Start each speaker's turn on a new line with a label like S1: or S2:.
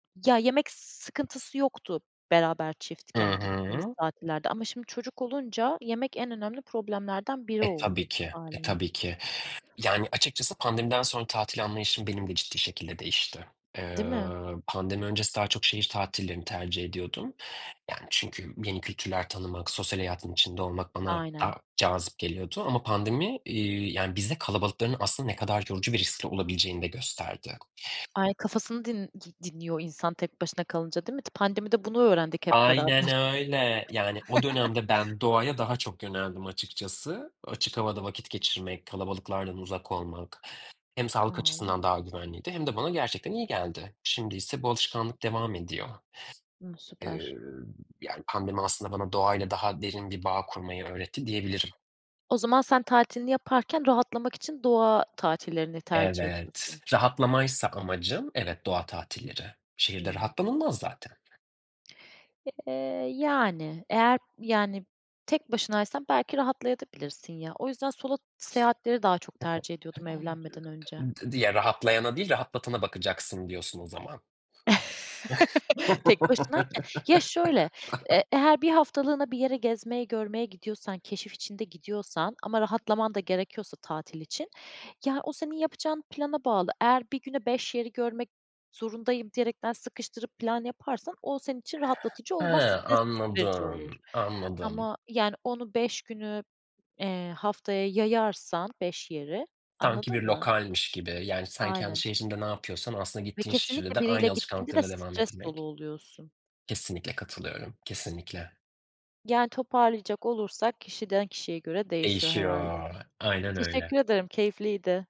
S1: Ya, yemek s sıkıntısı yoktu, beraber,
S2: Hı
S1: çiftken gittiğimiz
S2: hı.
S1: tatillerde. Ama şimdi çocuk olunca, yemek en önemli problemlerden biri
S2: E,
S1: oldu,
S2: tabii ki. E,
S1: hâliyle.
S2: tabii ki. Yani, açıkçası pandemiden sonra tatil anlayışım, benim de ciddi şekilde değişti. Eee,
S1: Değil mi?
S2: pandemi öncesi daha çok şehir tatillerini tercih ediyordum. Yani, çünkü yeni kültürler tanımak, sosyal hayatın içinde olmak, bana
S1: Aynen.
S2: daha cazip geliyordu ama pandemi, iii, yani, bize kalabalıkların aslında ne kadar yorucu ve riskli olabileceğini de gösterdi.
S1: Ay, kafasını din di dinliyor insan, tek başına kalınca, değil mi? T pandemide bunu öğrendik hep beraber.
S2: Aynen öyle. Yani, o dönemde ben doğaya daha çok yöneldim, açıkçası. Açık havada vakit geçirmek, kalabalıklardan uzak olmak; hem sağlık
S1: Tamam.
S2: açısından, daha güvenliydi, hem de bana gerçekten iyi geldi. Şimdiyse bu alışkanlık devam ediyor.
S1: Imm, süper.
S2: Iıı, yani, pandemi aslında bana doğayla daha derin bir bağ kurmayı öğretti, diyebilirim.
S1: O zaman sen tatilini yaparken, rahatlamak için, doğa tatillerini tercih
S2: Evet.
S1: ediyorsun.
S2: Rahatlamaysa amacım; evet, doğa tatilleri. Şehirde
S1: Hımm.
S2: rahatlanılmaz zaten.
S1: Eee, yani. Eğer yani tek başınaysan, belki rahatlayabilirsin de ya. O yüzden solo seyahatleri daha çok tercih ediyordum, evlenmeden önce.
S2: I d diye rahatlayana değil, rahatlatana bakacaksın, diyorsun o zaman.
S1: Tek başınayken. Ya şöyle, eee, eğer 1 haftalığına bir yere gezmeye, görmeye gidiyorsan; keşif içinde gidiyorsan ama rahatlaman da gerekiyorsa tatil için, ya o senin yapacağın plana bağlı. Eğer 1 güne 5 yeri görmek zorundayım diyerekten; sıkıştırıp plan yaparsan o senin için rahatlatıcı
S2: He,
S1: olmaz, stres verici olur
S2: anladım, anladım.
S1: ama yani onu, 5 günü, eee, haftaya yayarsan 5 yeri,
S2: Sanki bir
S1: anladın mı?
S2: lokalmiş gibi. Yani, sen kendi
S1: Aynen.
S2: şehrinde ne yapıyorsan, aslında
S1: Ve
S2: gittiğin şehirde
S1: kesinlikle,
S2: de,
S1: biriyle
S2: aynı
S1: gittiğinde de,
S2: alışkanlıklarına devam
S1: stres dolu
S2: etmek.
S1: oluyorsun.
S2: Kesinlikle katılıyorum, kesinlikle.
S1: Yani toparlayacak olursak, kişiden kişiye göre değişiyor, herhâlde.
S2: Değişiyor, aynen öyle.
S1: Teşekkür ederim, keyifliydi.